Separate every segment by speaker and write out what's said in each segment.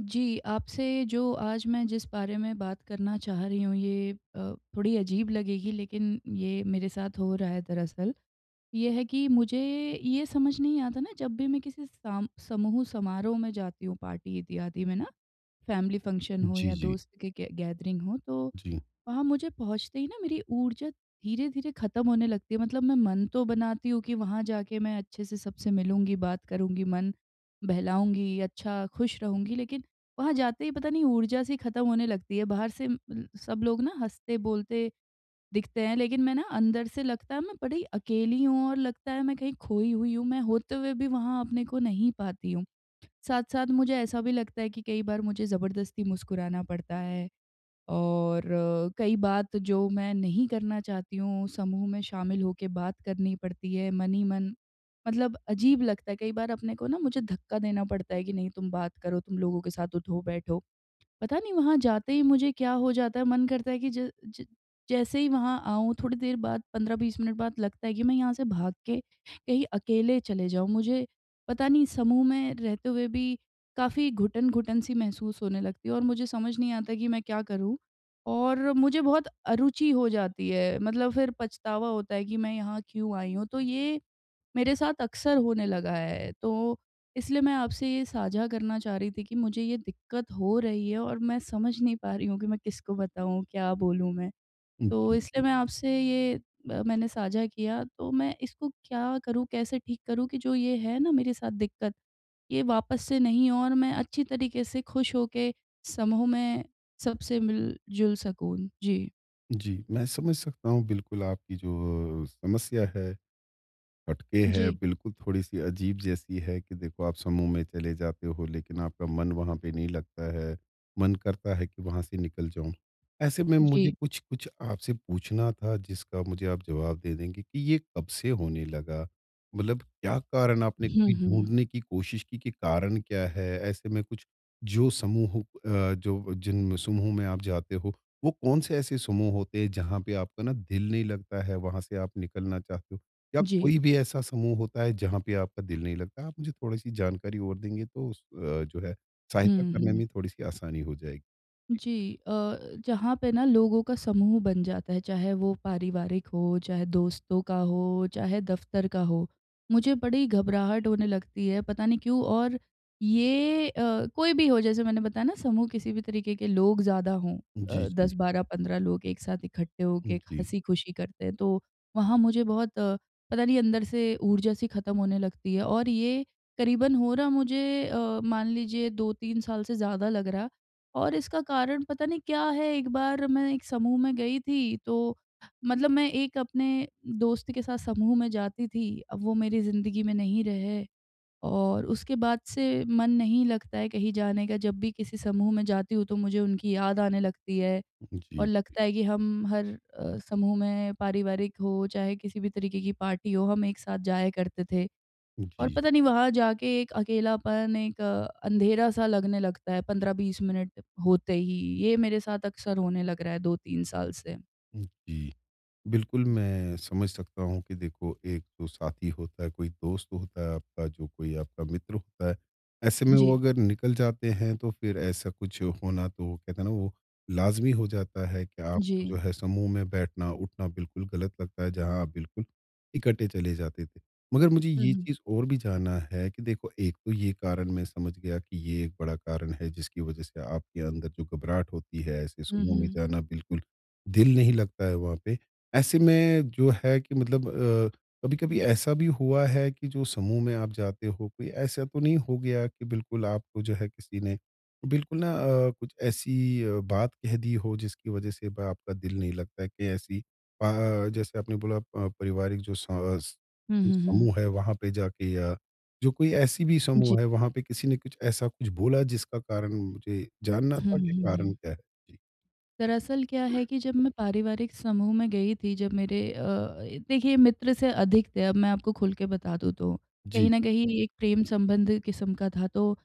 Speaker 1: जी, आपसे जो आज मैं जिस बारे में बात करना चाह रही हूँ ये अ, थोड़ी अजीब लगेगी लेकिन ये मेरे साथ हो रहा है दरअसल। ये है कि मुझे ये समझ नहीं आता ना जब भी मैं किसी साम समूह समारोह में जाती हूँ पार्टी इत्यादि में ना, फैमिली फंक्शन हो
Speaker 2: जी,
Speaker 1: या
Speaker 2: जी।
Speaker 1: दोस्त के के गैदरिंग हो तो
Speaker 2: जी।
Speaker 1: वहाँ मुझे पहुँचते ही ना मेरी ऊर्जा धीरे-धीरे खत्म होने लगती है। मतलब मैं मन तो बनाती हूँ कि वहाँ जाके मैं अच्छे से सबसे मिलूँगी, बात करूँगी, मन बहलाऊँगी, अच्छा खुश रहूँगी लेकिन, वहाँ जाते ही पता नहीं ऊर्जा सी खत्म होने लगती है, बाहर से उम उम, सब लोग ना हँसते-बोलते दिखते हैं, लेकिन मैं ना अंदर से लगता है, मैं बड़ी अकेली हूँ और लगता है मैं कहीं खोई हुई हूँ, मैं होते हुए भी वहाँ अपने को नहीं पाती हूँ। साथ-साथ मुझे ऐसा भी लगता है कि कई बार मुझे ज़बरदस्ती मुस्कुराना पड़ता है और कई बात जो मैं नहीं करना चाहती हूँ, समूह में शामिल होके बात करनी पड़ती है मन ही मन, मतलब अजीब लगता है कई बार अपने को ना, मुझे धक्का देना पड़ता है कि नहीं तुम बात करो, तुम लोगों के साथ उठो-बैठो। पता नहीं वहाँ जाते ही मुझे क्या हो जाता है, मन करता है कि ज ज जैसे ही वहाँ आऊँ थोड़ी देर बाद, 15-20 मिनट बाद लगता है कि मैं यहाँ से भाग के कहीं अकेले चले जाऊँ, मुझे पता नहीं समूह में रहते हुए भी काफ़ी घुटन घुटन-सी महसूस होने लगती है और मुझे समझ नहीं आता कि मैं क्या करूँ और मुझे बहुत अरूचि हो जाती है, मतलब फिर पछतावा होता है कि मैं यहाँ क्यों आई हूँ तो ये, मेरे साथ अक्सर होने लगा है, तो इसलिए मैं आपसे ये साझा करना चाह रही थी कि मुझे ये दिक्कत हो रही है और मैं समझ नहीं पा रही हूँ कि मैं किसको बताऊँ क्या बोलूँ मैं।
Speaker 2: उम,
Speaker 1: तो
Speaker 2: जी,
Speaker 1: इसलिए
Speaker 2: जी।
Speaker 1: मैं आपसे ये अ, मैंने साझा किया तो मैं इसको क्या करूँ, कैसे ठीक करूँ? कि जो ये है ना मेरे साथ दिक्कत, ये वापस से नहीं हो और मैं अच्छी तरीके से खुश होके समूह में सबसे मिल-जुल सकूँ। जी।
Speaker 2: जी, मैं समझ सकता हूँ, बिल्कुल आपकी जो समस्या है, हटके है,
Speaker 1: जी।
Speaker 2: बिल्कुल थोड़ी-सी अजीब जैसी है कि देखो, आप समूह में चले जाते हो, लेकिन आपका मन वहाँ पे नहीं लगता है, मन करता है कि वहाँ से निकल जाऊँ। ऐसे में मुझे
Speaker 1: जी।
Speaker 2: कुछ-कुछ आपसे पूछना था, जिसका मुझे आप जवाब दे देंगे कि ये कब से होने लगा? मतलब क्या कारण आपने
Speaker 1: हुँ,
Speaker 2: कभी
Speaker 1: हुँ।
Speaker 2: ढूँढ़ने की कोशिश की कि कारण क्या है? ऐसे में कुछ, जो समूह अ, जो जिन समूह में आप जाते हो, वो कौन से ऐसे समूह होते हैं, जहाँ पे आपका ना दिल नहीं लगता है, वहाँ से आप निकलना चाहते हो? या
Speaker 1: जी।
Speaker 2: कोई भी ऐसा समूह होता है, जहाँ पे आपका दिल नहीं लगता है? आप मुझे थोड़ी-सी जानकारी और देंगे, तो उस अ, जो है, सहायता
Speaker 1: हुँ,
Speaker 2: करने
Speaker 1: हुँ।
Speaker 2: में थोड़ी-सी आसानी हो जाएगी।
Speaker 1: जी अ, जहाँ पे ना लोगों का समूह बन जाता है, चाहे वो पारिवारिक हो, चाहे दोस्तों का हो, चाहे दफ्तर का हो, मुझे बड़ी घबराहट होने लगती है, पता नहीं क्यों। और ये अ, कोई भी हो, जैसे मैंने बताया ना, समूह किसी भी तरीके के लोग ज़्यादा हों
Speaker 2: जी,
Speaker 1: अ, दस
Speaker 2: जी।
Speaker 1: बारह पंद्रह लोग एक साथ इकट्ठे होके एक
Speaker 2: जी।
Speaker 1: हँसी-खुशी करते हैं, तो वहाँ मुझे बहुत, पता नहीं अंदर से ऊर्जा-सी खत्म होने लगती है और ये करीबन हो रहा मुझे अ, मान लीजिए 2-3 साल से ज़्यादा लग रहा, और इसका कारण पता नहीं क्या है। एक बार मैं एक समूह में गई थी, तो मतलब मैं एक अपने दोस्त के साथ समूह में जाती थी, अब वो मेरी ज़िंदगी में नहीं रहे और उसके बाद से मन नहीं लगता है कहीं जाने का। जब भी किसी समूह में जाती हूँ, तो मुझे उनकी याद आने लगती है और
Speaker 2: जी।
Speaker 1: लगता है कि हम हर अ, समूह में पारिवारिक हो, चाहे किसी भी तरीके की पार्टी हो, हम एक साथ जाया करते थे। और
Speaker 2: जी।
Speaker 1: पता नहीं, वहाँ जाके एक अकेलापन एक अ, अंधेरा-सा लगने लगता है 15-20 मिनट होते ही, ये मेरे साथ अक्सर होने लग रहा है 2-3 साल से।
Speaker 2: जी। बिल्कुल,
Speaker 1: जी।
Speaker 2: मैं समझ सकता हूँ कि देखो, एक तो साथी होता है, कोई दोस्त होता है आपका, जो कोई आपका मित्र होता है। ऐसे में वो
Speaker 1: जी।
Speaker 2: अगर निकल जाते हैं, तो फिर ऐसा कुछ होना तो, वो कहते हैं ना, वो लाज़मी हो जाता है कि आपका जो
Speaker 1: जी।
Speaker 2: है, समूह में बैठना-उठना बिल्कुल गलत लगता है, जहाँ आप बिल्कुल इकट्ठे चले जाते थे। मगर मुझे
Speaker 1: हुँ,
Speaker 2: ये
Speaker 1: हुँ।
Speaker 2: चीज़ और भी जानना है कि देखो, एक तो ये कारण मैं समझ गया कि ये एक बड़ा कारण है, जिसकी वजह से आपके अंदर जो घबराहट होती है, ऐसे
Speaker 1: हुँ,
Speaker 2: समूह में
Speaker 1: हुँ।
Speaker 2: जाना, बिल्कुल दिल नहीं लगता है वहाँ पे। ऐसे में जो है कि मतलब अ, कभी-कभी ऐसा भी हुआ है कि जो समूह में आप जाते हो, कोई ऐसा तो नहीं हो गाया कि बिल्कुल आपको, जो है, किसी ने बिल्कुल ना अ, कुछ ऐसी अ, बात कह दी हो, जिसकी वजह से अब आपका दिल नहीं लगता है कि ऐसी अ, जैसे आपने बोला प पारिवारिक जो स अस
Speaker 1: हुँ,
Speaker 2: जो
Speaker 1: हुँ, हुँ।
Speaker 2: समूह है, वहाँ पे जाके या जो कोई ऐसी भी
Speaker 1: जी।
Speaker 2: समूह है, वहाँ पे किसी ने कुछ ऐसा कुछ बोला, जिसका कारण मुझे जानना
Speaker 1: हुँ, हुँ,
Speaker 2: था कि कारण
Speaker 1: हुँ।
Speaker 2: क्या है? जी।
Speaker 1: दरअसल, क्या है कि जब मैं पारिवारिक समूह में गई थी, जब मेरे अ, ए देखिए, मित्र से अधिक थे अब मैं आपको खुल के बता दूँ तो।
Speaker 2: जी,
Speaker 1: कहीं न कहीं
Speaker 2: जी।
Speaker 1: एक प्रेम संबंधित किस्म का था, तो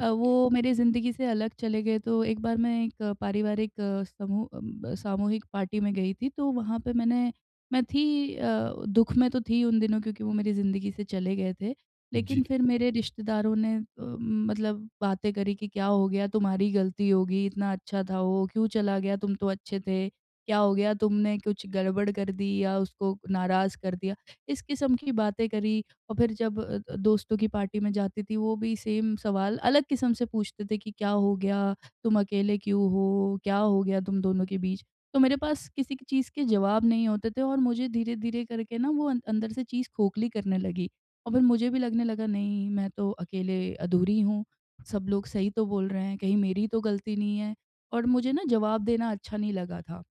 Speaker 1: अ, वो मेरी ज़िंदगी से अलग चले गए। तो एक बार मैं एक पारिवारिक समूह अम, ब सामूहिक पार्टी में गई थी, तो वहाँ पर मैंने मैं थी अ, दुःख में तो थी उन दिनों, क्योंकि वो मेरी ज़िंदगी से चले गए थे।
Speaker 2: जी।
Speaker 1: लेकिन फिर मेरे रिश्तेदारों ने अ, मतलब बातें करी कि, "क्या हो गया? तुम्हारी ही गलती होगी। इतना अच्छा था वो, क्यों चला गया? तुम तो अच्छे थे। क्या हो गया? तुमने कुछ गड़बड़ कर दी या उसको नाराज़ कर दिया?" इस किस्म की बातें करी और फिर जब अ अ, दोस्तों की पार्टी में जाती थी, वो भी सेम सवाल अलग किस्म से पूछते थे कि, "क्या हो गया? तुम अकेले क्यों हो? क्या हो गया तुम दोनों के बीच?" तो मेरे पास किसी की चीज़ के जवाब नहीं होते थे और मुझे धीरे-धीरे करके ना, वो अं अंदर से चीज़ खोखली करने लगी, और फिर मुझे भी लगने लगा, "नहीं, मैं तो अकेले अधूरी हूँ। सब लोग सही तो बोल रहे हैं, कहीं मेरी ही तो गलती नहीं है?" और मुझे ना, जवाब देना अच्छा नहीं लगा था।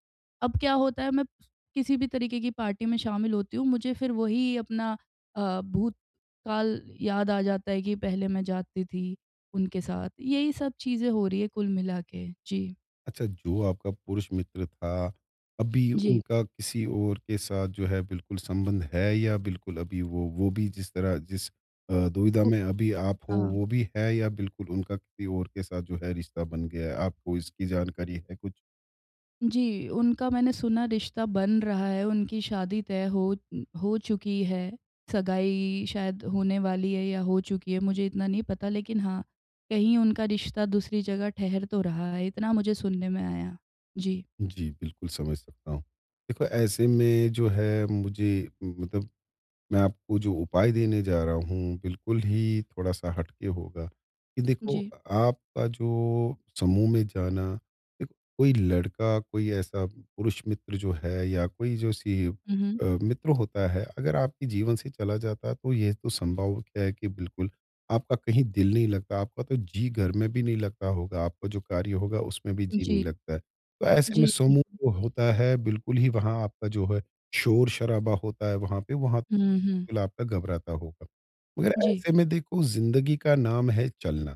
Speaker 1: अब क्या होता है, मैं किसी भी तरीके की पार्टी में शामिल होती हूँ, मुझे फिर वही अपना अ, भूतकाल याद आ जाता है कि पहले मैं जाती थी, उनके साथ। यही सब चीज़ें हो रही हैं कुल मिला के। जी।
Speaker 2: अच्छा, जो आपका पुरुष मित्र था, अभी
Speaker 1: जी।
Speaker 2: उनका किसी और के साथ जो है बिल्कुल संबंध है या बिल्कुल अभी वो वो भी जिस तरह जिस अ, दुविधा
Speaker 1: वो
Speaker 2: में अभी आप हो,
Speaker 1: हाँ।
Speaker 2: वो भी है या बिल्कुल उनका किसी और के साथ जो है रिश्ता बन गया है? आपको इसकी जानकारी है कुछ?
Speaker 1: जी, उनका मैंने सुना रिश्ता बन रहा है, उनकी शादी तय हो हो चुकी है, सगाई शायद होने वाली है या हो चुकी है मुझे इतना नहीं पता। लेकिन हाँ, कहीं उनका रिश्ता दूसरी जगह ठहर तो रहा है, इतना मुझे सुनने में आया है। जी।
Speaker 2: जी, बिल्कुल समझ सकता हूँ। देखो, ऐसे में जो है मुझे मतलब मैं आपको जो उपाय देने जा रहा हूँ, बिल्कुल ही थोड़ा-सा हटके होगा, कि देखो
Speaker 1: जी।
Speaker 2: अ, आपका जो समूह में जाना, या कोई लड़का, कोई ऐसा पुरुष मित्र जो है या कोई जो सी
Speaker 1: हुँ, हुँ।
Speaker 2: अ, मित्र होता है, अगर आपके जीवन से चला जाता है तो ये तो संभव है कि बिल्कुल आपका कहीं दिल नहीं लगता, आपका तो जी घर में भी नहीं लगता होगा, आपका जो कार्य होगा, उसमें भी जी नहीं
Speaker 1: जी।
Speaker 2: लगता है। तो ऐसे में
Speaker 1: जी,
Speaker 2: समूह
Speaker 1: बिल्कुल।
Speaker 2: जो होता है बिल्कुल ही वहाँ आपका जो है शोर-शराबा होता है वहाँ पे वहाँ
Speaker 1: हुँ, हुँ।
Speaker 2: बिल्कुल आपका घबराता होगा। मगर
Speaker 1: जी।
Speaker 2: ऐसे में देखो ज़िंदगी का नाम है चलना,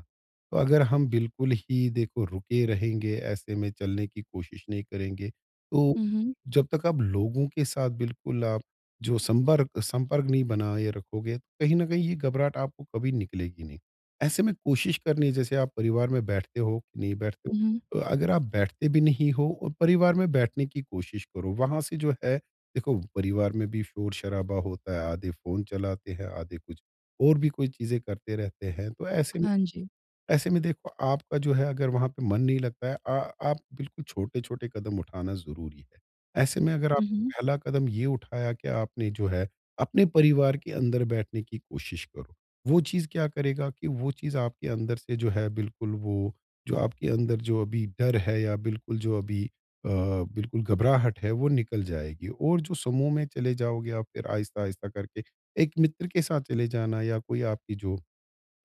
Speaker 2: तो अगर हम बिल्कुल ही देखो रुके रहेंगे ऐसे में चलने की कोशिश नहीं करेंगे, तो
Speaker 1: हुँ, हुँ।
Speaker 2: जब तक आप लोगों के साथ बिल्कुल आप जो संबर्ग संपर्क नहीं बनाए रखोगे, कहीं न कहीं ये घबराहट आपको कभी निकलेगी नहीं। ऐसे में कोशिश करनी है जैसे आप परिवार में बैठते हो, नहीं बैठते हो,
Speaker 1: हुँ, हुँ।
Speaker 2: तो अगर आप बैठते भी नहीं हो और परिवार में बैठने की कोशिश करो वहाँ से जो है देखो परिवार में भी शोर-शराबा होता है, आधे फ़ोन चलाते हैं, आधे कुछ और भी कोई चीज़ें करते रहते हैं। तो ऐसे में
Speaker 1: हाँ जी।
Speaker 2: देखो ऐसे में देखो आपका जो है अगर वहाँ पे मन नहीं लगता है अ, आप बिल्कुल छोटे-छोटे कदम उठाना ज़रूरी है। ऐसे में अगर
Speaker 1: हुँ, हुँ।
Speaker 2: आपने पहला कदम ये उठाया कि आपने जो है अपने परिवार के अंदर बैठने की कोशिश करो। वो चीज़ क्या करेगा कि वो चीज़ आपके अंदर से जो है बिल्कुल वो जो आपके अंदर जो अभी डर है या बिल्कुल जो अभी अ, बिल्कुल घबराहट है वो निकल जाएगी। और जो समूह में चले जाओगे आप फ़िर आहिस्ता-आहिस्ता करके एक मित्र के साथ चले जाना या कोई आपकी जो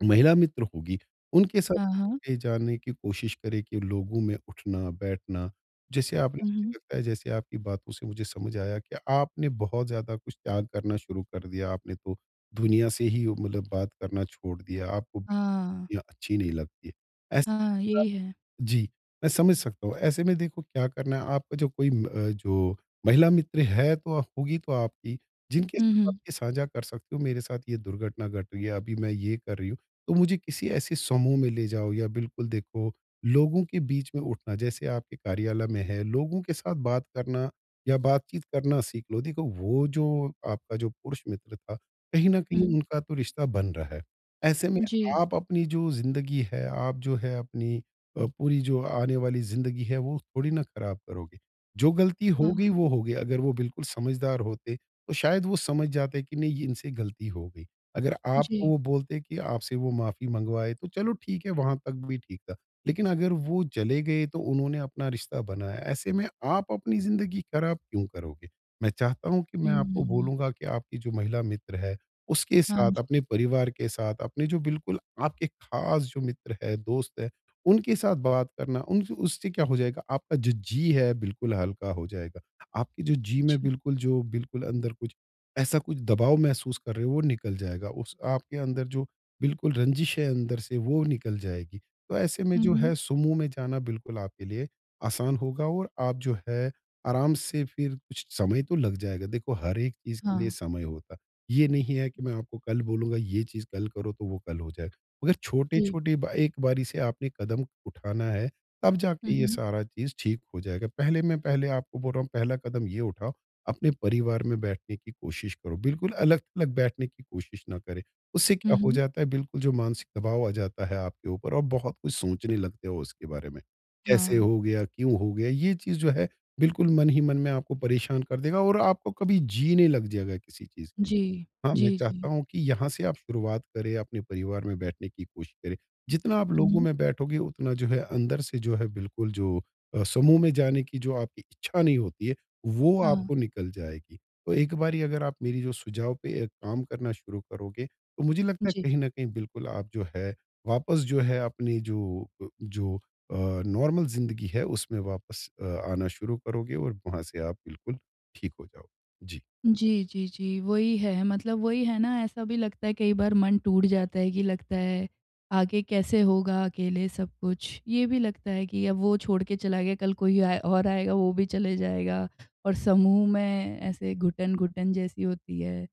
Speaker 2: महिला मित्र होगी, उनके साथ
Speaker 1: हाँ, हाँ।
Speaker 2: कहीं-कहीं जाने की कोशिश करें कि लोगों में उठना-बैठना। जैसे आपने
Speaker 1: हुँ, हुँ।
Speaker 2: मुझे लगता है जैसे आपकी बातों से मुझे समझ आया कि आपने बहुत ज़्यादा कुछ त्याग करना शुरू कर दिया, आपने तो दुनिया से ही उ मतलब बात करना छोड़ दिया, आपको भी
Speaker 1: हाँ।
Speaker 2: दुनिया अच्छी नहीं लगती है। ऐसे
Speaker 1: हाँ, यही है।
Speaker 2: [unintelligible] जी, मैं समझ सकता हूँ। ऐसे में देखो क्या करना है? आपका जो कोई उम, जो महिला मित्र है तो ह होगी तो आपकी, जिनके
Speaker 1: हुँ,
Speaker 2: साथ आप
Speaker 1: हुँ।
Speaker 2: ये साझा कर सकते हो, मेरे साथ ये दुर्घटना घट रही है, अभी मैं ये कर रही हूँ, तो मुझे किसी ऐसे समूह में ले जाओ या बिल्कुल देखो लोगों के बीच में उठना जैसे आपके कार्यालय में है, लोगों के साथ बात करना या बातचीत करना सीख लो। देखो, वो जो आपका जो पुरुष मित्र था, कहीं न कहीं
Speaker 1: हुँ।
Speaker 2: उनका तो रिश्ता बन रहा है, ऐसे में
Speaker 1: जी।
Speaker 2: आप अपनी जो ज़िंदगी है, आप जो है अपनी अ, पूरी जो आने वाली ज़िंदगी है, वो थोड़ी ना ख़राब करोगे, जो गलती हो गई,
Speaker 1: हाँ।
Speaker 2: वो हो गई। अगर वो बिल्कुल समझदार होते, तो शायद वो समझ जाते कि नहीं ये इनसे गलती हो गई, अगर आपको
Speaker 1: जी।
Speaker 2: वो बोलते कि आपसे वो माफ़ी मँगवाए, तो चलो ठीक है वहाँ तक भी ठीक था। लेकिन अगर वो चले गए, तो उन्होंने अपना रिश्ता बनाया, ऐसे में आप अपनी ज़िंदगी खराब क्यों करोगे? मैं चाहता हूँ कि
Speaker 1: हुँ,
Speaker 2: मैं आपको
Speaker 1: हुँ, हुँ।
Speaker 2: बोलूँगा कि आपकी जो महिला मित्र है, उसके
Speaker 1: हाँ
Speaker 2: साथ,
Speaker 1: जी।
Speaker 2: अपने परिवार के साथ, अपने जो बिल्कुल आपके खास जो मित्र है, दोस्त है, उनके साथ बात करना, उनसे उससे क्या हो जाएगा? आपका जो जी है बिल्कुल हल्का हो जाएगा। आपकी जो जी में
Speaker 1: अच्छा।
Speaker 2: बिल्कुल जो बिल्कुल अंदर कुछ ऐसा कुछ दबाव महसूस कर रहे हो, वो निकल जाएगा, उस आपके अंदर जो बिल्कुल रंज़िश है अंदर से वो निकल जाएगी। तो ऐसे में
Speaker 1: हुँ,
Speaker 2: जो
Speaker 1: हुँ।
Speaker 2: है समूह में जाना बिल्कुल आपके लिए आसान होगा और आप जो है आराम से फ़िर कुछ समय तो लग जाएगा, देखो हर एक चीज़ के लिए
Speaker 1: हाँ।
Speaker 2: समय होता है। ये नहीं है कि मैं आपको कल बोलूँगा ये चीज़ कल करो, तो वो कल हो जाएगा, अगर
Speaker 1: जी।
Speaker 2: छोटे-छोटे ब एक बारी से आपने कदम उठाना है, तब जाके
Speaker 1: हुँ,
Speaker 2: ये
Speaker 1: हुँ।
Speaker 2: सारा चीज़ ठीक हो जाएगा। पहले मैं पहले आपको बोल रहा हूँ पहला कदम ये उठाओ, अपने परिवार में बैठने की कोशिश करो, बिल्कुल अलग-अलग बैठने की कोशिश ना करें। उससे
Speaker 1: हुँ,
Speaker 2: क्या हो
Speaker 1: हुँ।
Speaker 2: जाता है बिल्कुल जो मानसिक दबाव आ जाता है आपके ऊपर और बहुत कुछ सोचने लगते हो उसके बारे में, कैसे
Speaker 1: हाँ।
Speaker 2: हो गया? क्यों हो गया? ये चीज़ जो है बिल्कुल मन ही मन में आपको परेशान कर देगा और आपको कभी जी नहीं लग जाएगा किसी चीज़ के लिए।
Speaker 1: जी।
Speaker 2: हाँ, मैं
Speaker 1: जी, जी।
Speaker 2: चाहता हूँ कि यहाँ से आप शुरुआत करें, अपने परिवार में बैठने की कोशिश करें। जितना आप लोगों
Speaker 1: हुँ।
Speaker 2: में बैठोगे, उतना जो है अंदर से जो है बिल्कुल जो अ, समूह में जाने की जो आपकी इच्छा नहीं होती है, वो
Speaker 1: हाँ।
Speaker 2: आपको निकल जाएगी। तो एक बारी अगर आप मेरी जो सुझाव पे अ, काम करना शुरू करोगे, तो मुझे लगता है
Speaker 1: जी।
Speaker 2: कहीं न कहीं बिल्कुल आप जो है वापस जो है अपनी जो अ, जो अ, नॉर्मल ज़िंदगी है, उसमें वापस अ, आना शुरू करोगे और वहाँ से आप बिल्कुल ठीक हो जाओगे। जी।
Speaker 1: जी, जी, जी, वही है। मतलब वही है ना ऐसा भी लगता है कई बार मन टूट जाता है कि लगता है, आगे कैसे होगा अकेले सब कुछ? ये भी लगता है कि अब वो छोड़ के चला गया, कल कोई आए और आएगा वो भी चले जाएगा, और समूह में ऐसे घुटन-घुटन जैसी होती है।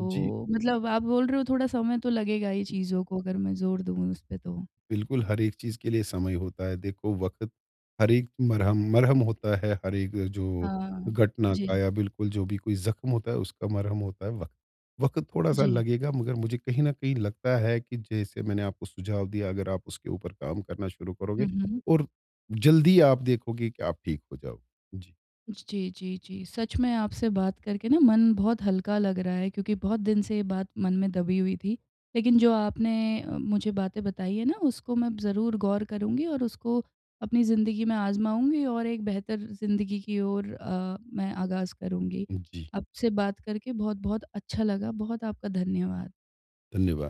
Speaker 2: जी।
Speaker 1: मतलब आप बोल रहे हो थोड़ा समय तो लगेगा ही चीज़ को अगर मैं ज़ोर दूँ उसपे तो।
Speaker 2: बिल्कुल, हर एक चीज़ के लिए समय होता है। देखो, वक़्त हर एक मरहम मरहम होता है, हर एक जो
Speaker 1: हाँ।
Speaker 2: घटना का
Speaker 1: जी।
Speaker 2: या बिल्कुल जो भी कोई ज़ख्म होता है, उसका मरहम होता है वक़्त। वक़्त थोड़ा-सा
Speaker 1: जी।
Speaker 2: लगेगा मगर मुझे कहीं न कहीं लगता है कि जैसे मैंने आपको सुझाव दिया, अगर आप उसके ऊपर काम करना शुरू करोगे
Speaker 1: हुँ, हुँ।
Speaker 2: और जल्द ही आप देखोगे कि आप ठीक हो जाओगे। जी।
Speaker 1: ज जी, जी, जी सच में आपसे बात करके ना मन बहुत हल्का लग रहा है क्योंकि बहुत दिन से ये बात मन में दबी हुई थी। लेकिन जो आपने अ, मुझे बातें बताई है ना उसको मैं ज़रूर गौर करुँगी और उसको अपनी ज़िंदगी में आज़माऊँगी और एक बेहतर ज़िंदगी की ओर अ, मैं आगाज़ करुँगी।
Speaker 2: हुँ, जी।
Speaker 1: आपसे बात करके बहुत-बहुत अच्छा लगा, बहुत आपका धन्यवाद।
Speaker 2: धन्यवाद।